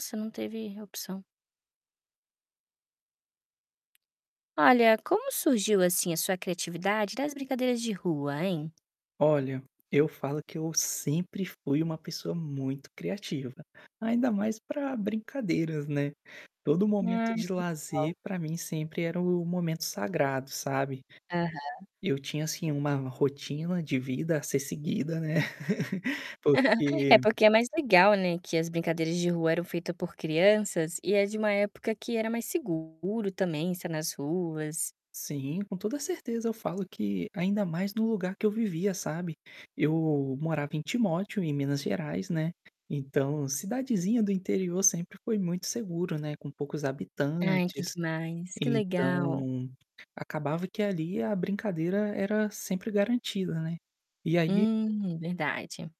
Você não teve opção. Olha, como surgiu, assim, a sua criatividade das brincadeiras de rua, hein? Olha, eu falo que eu sempre fui uma pessoa muito criativa, ainda mais para brincadeiras, né. Todo momento Ai, que de lazer legal! para mim sempre era o momento sagrado, sabe? Aham. Eu tinha assim uma rotina de vida a ser seguida, né. É Porque porque é mais legal, né, que as brincadeiras de rua eram feita por crianças e é de uma época que era mais seguro também estar nas ruas. Sim, com toda a certeza eu falo que ainda mais no lugar que eu vivia, sabe. Eu morava em Timóteo, em Minas Gerais, né. Então, cidadezinha do interior sempre foi muito seguro, né, com poucos Ai que habitantes, demais, que legal. então, acabava que ali a brincadeira era sempre garantida, né. E aí Hum, verdade.